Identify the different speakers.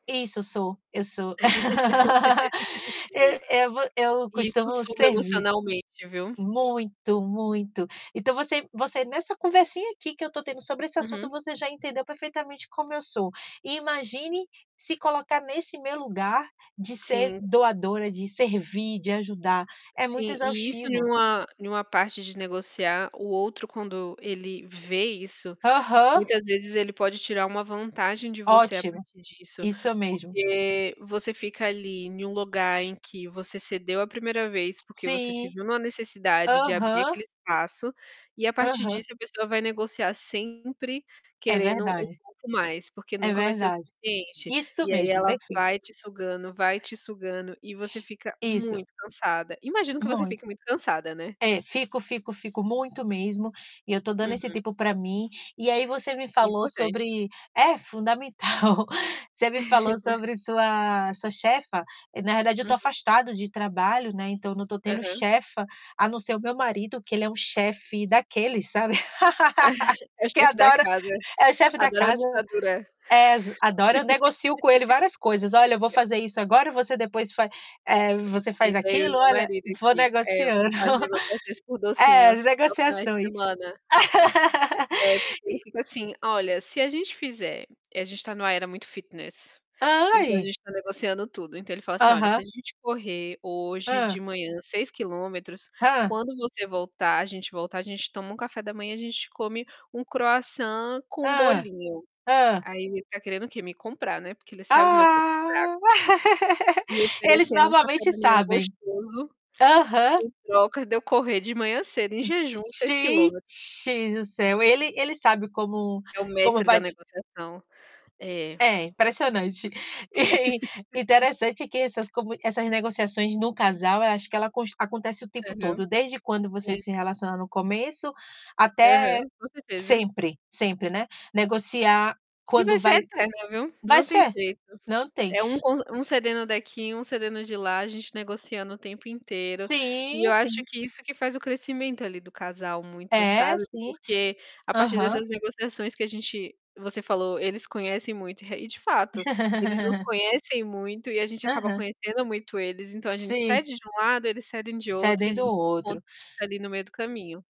Speaker 1: Isso, sou. Eu sou. Eu eu vo eu
Speaker 2: E isso
Speaker 1: costumo
Speaker 2: suga
Speaker 1: servir.
Speaker 2: emocionalmente, viu?
Speaker 1: Muito, muito. Então você você nessa conversinha aqui que eu tô tendo sobre esse assunto,
Speaker 2: Uhum.
Speaker 1: você já entendeu perfeitamente como eu sou. Imagine se colocar nesse meu lugar de ser
Speaker 2: Sim.
Speaker 1: doadora, de servir, de ajudar. É muito
Speaker 2: Sim, e isso em
Speaker 1: exaustivo.
Speaker 2: uma em uma parte de negociar, o outro quando ele vê isso,
Speaker 1: Aham.
Speaker 2: muitas vezes ele pode tirar uma vantagem de você a
Speaker 1: Ótimo,
Speaker 2: partir disso,
Speaker 1: isso mesmo.
Speaker 2: porque você fica ali em um lugar em que você cedeu a 1ª vez, porque você se
Speaker 1: Sim.
Speaker 2: viu numa necessidade de abrir
Speaker 1: Aham.
Speaker 2: aquele espaço, e a partir
Speaker 1: Aham.
Speaker 2: disso, a pessoa vai negociar sempre
Speaker 1: É
Speaker 2: querendo um
Speaker 1: verdade.
Speaker 2: pouco mais, porque
Speaker 1: É
Speaker 2: nunca vai ser o
Speaker 1: verdade.
Speaker 2: suficiente.
Speaker 1: Isso
Speaker 2: E aí
Speaker 1: mesmo,
Speaker 2: ela
Speaker 1: perfeito.
Speaker 2: vai te sugando, vai te sugando e você fica
Speaker 1: Isso.
Speaker 2: muito cansada. Imagino que você
Speaker 1: Muito.
Speaker 2: fique muito cansada, né?
Speaker 1: É, fico, fico, fico muito mesmo e eu tô dando esse
Speaker 2: Uhum.
Speaker 1: tempo pra mim. E aí você me falou
Speaker 2: Importante.
Speaker 1: sobre É, fundamental. Você me falou sobre sua sua chefa. Na realidade eu tô
Speaker 2: Uhum.
Speaker 1: afastada de trabalho, né, então não tô tendo
Speaker 2: Aham.
Speaker 1: chefa, a não ser o meu marido, que ele é um chefe daqueles, sabe?
Speaker 2: É o
Speaker 1: Que
Speaker 2: chefe da
Speaker 1: adora
Speaker 2: casa.
Speaker 1: é o chefe da
Speaker 2: Adora uma
Speaker 1: casa.
Speaker 2: ditadura.
Speaker 1: Ex adora eu negocio com ele várias coisas: "Olha, eu vou fazer isso agora, você depois fa eh, você faz
Speaker 2: Gente, eu e
Speaker 1: aquilo".
Speaker 2: meu
Speaker 1: Olha,
Speaker 2: marido
Speaker 1: vou
Speaker 2: aqui, é,
Speaker 1: negociando.
Speaker 2: as negociações por
Speaker 1: É,
Speaker 2: docinhos aos finais de
Speaker 1: negociações.
Speaker 2: semana. É, porque ele
Speaker 1: E
Speaker 2: fica assim: "Olha, se a gente fizer", e a gente tá numa era muito fitness, então a
Speaker 1: Ai.
Speaker 2: gente tá negociando tudo. Então ele fala assim: "Olha, se
Speaker 1: Aham.
Speaker 2: a gente correr hoje de
Speaker 1: Hã.
Speaker 2: manhã 6km,
Speaker 1: Hã.
Speaker 2: quando você voltar a gente voltar, a gente toma um café da manhã, a gente come um croissant com
Speaker 1: Hã.
Speaker 2: bolinho".
Speaker 1: Hã.
Speaker 2: Aí ele tá querendo o quê? Me comprar, né, porque ele sabe o meu ponto fraco.
Speaker 1: Ah.
Speaker 2: Me
Speaker 1: Eles
Speaker 2: oferecendo um café
Speaker 1: normalmente
Speaker 2: da manhã
Speaker 1: sabem.
Speaker 2: gostoso,
Speaker 1: Aham.
Speaker 2: em troca de eu correr de manhã cedo, em jejum, 6km.
Speaker 1: Gente do céu, ele ele sabe como
Speaker 2: É o
Speaker 1: como
Speaker 2: mestre da
Speaker 1: vai ti
Speaker 2: negociação. É.
Speaker 1: É impressionante. E, interessante que essas comu essas negociações no casal, eu acho que ela cons acontece o tempo
Speaker 2: Aham.
Speaker 1: todo, desde quando você
Speaker 2: Sim.
Speaker 1: se relaciona no começo até
Speaker 2: Aham, com certeza.
Speaker 1: sempre, sempre, né, negociar
Speaker 2: E vai
Speaker 1: quando
Speaker 2: ser
Speaker 1: vai
Speaker 2: eterno, viu,
Speaker 1: vai
Speaker 2: não tem
Speaker 1: ser,
Speaker 2: jeito.
Speaker 1: não tem.
Speaker 2: É um con um cedendo daqui, um cedendo de lá, a gente negociando o tempo inteiro. E
Speaker 1: Sim,
Speaker 2: eu acho
Speaker 1: sim.
Speaker 2: que isso que faz o crescimento, ali, do casal muito,
Speaker 1: É,
Speaker 2: sabe,
Speaker 1: sim.
Speaker 2: porque a partir
Speaker 1: Aham.
Speaker 2: dessas negociações que a gente você falou, eles conhecem muito. Eh, e de fato, eles nos conhecem muito e a gente acaba
Speaker 1: Aham.
Speaker 2: conhecendo muito eles, então a gente
Speaker 1: Sim.
Speaker 2: cede de um lado, eles cedem de outro e a
Speaker 1: Cedendo
Speaker 2: gen
Speaker 1: o
Speaker 2: con
Speaker 1: outro.
Speaker 2: ali no meio do caminho.